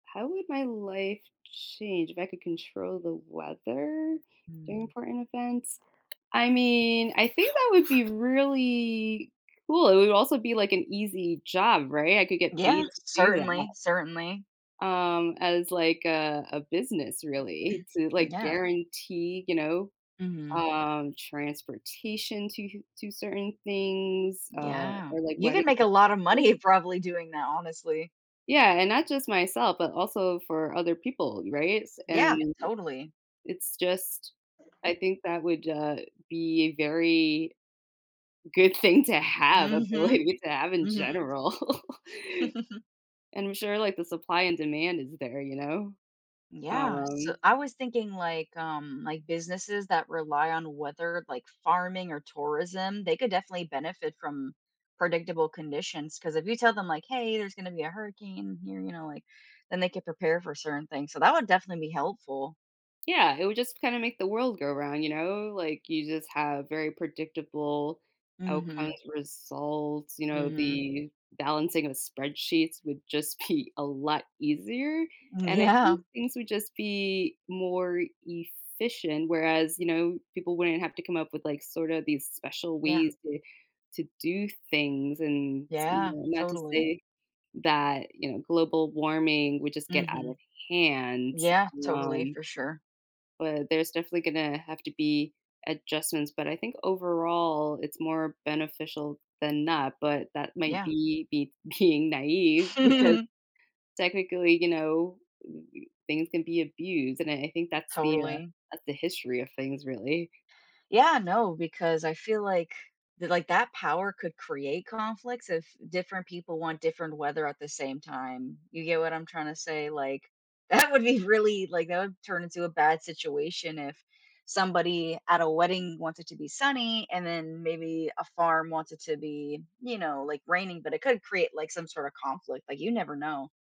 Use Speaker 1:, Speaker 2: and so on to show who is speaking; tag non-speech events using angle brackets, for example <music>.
Speaker 1: How would my life change if I could control the weather during
Speaker 2: Mm.
Speaker 1: important events? I mean, I think that would be really cool. It would also be, like, an easy job, right? I could get paid
Speaker 2: Yeah,
Speaker 1: to do that.
Speaker 2: certainly, certainly.
Speaker 1: Um, as, like, a, a business really
Speaker 2: <clears throat>
Speaker 1: to, like,
Speaker 2: Yeah.
Speaker 1: guarantee, you know,
Speaker 2: Mhm.
Speaker 1: um, transportation to to certain things, uh,
Speaker 2: Yeah.
Speaker 1: or, like.
Speaker 2: You can make a lotta
Speaker 1: <unintelligible>
Speaker 2: money probably doing that, honestly.
Speaker 1: Yeah, and not just myself, but also for other people, right? S
Speaker 2: Yeah,
Speaker 1: and
Speaker 2: totally.
Speaker 1: it's just, I think that would, uh, be very good thing to have
Speaker 2: Mhm,
Speaker 1: ability to have in
Speaker 2: mhm.
Speaker 1: general.
Speaker 2: <chuckles>
Speaker 1: And I'm sure, like, the supply and demand is there, you know.
Speaker 2: Yeah, so
Speaker 1: Um
Speaker 2: I was thinking, like, um, like, businesses that rely on weather, like, farming or tourism, they could definitely benefit from predictable conditions 'cause if you tell them, like, hey, there's gonna be a hurricane here, you know, like, then they could prepare for certain things, so that would definitely be helpful.
Speaker 1: Yeah, it would just kinda make the world go round, you know, like, you just have very predictable outcomes,
Speaker 2: Mhm.
Speaker 1: results, you know,
Speaker 2: Mhm.
Speaker 1: the balancing of spreadsheets would just be a lot easier, and I
Speaker 2: Yeah.
Speaker 1: think things would just be more efficient, whereas, you know, people wouldn't have to come up with, like, sorta these special
Speaker 2: Yeah.
Speaker 1: ways to to do things and, you
Speaker 2: Yeah,
Speaker 1: know, not to
Speaker 2: totally.
Speaker 1: say that, you know, global warming would just get out of
Speaker 2: Mhm.
Speaker 1: hand,
Speaker 2: Yeah, totally,
Speaker 1: um
Speaker 2: for sure.
Speaker 1: but there's definitely gonna have to be adjustments, but I think overall it's more beneficial than not, but that might
Speaker 2: Yeah.
Speaker 1: be be being naive because
Speaker 2: <chuckles>
Speaker 1: technically, you know, things can be abused, and I think that's the, uh,
Speaker 2: Totally.
Speaker 1: that's the history of things really.
Speaker 2: Yeah, no, because I feel like, like, that power could create conflicts if different people want different weather at the same time. You get what I'm trying to say? Like, that would be really, like, that would turn into a bad situation if somebody at a wedding wants it to be sunny and then maybe a farm wants it to be, you know, like, raining, but it could create, like, some sort of conflict, like, you never know.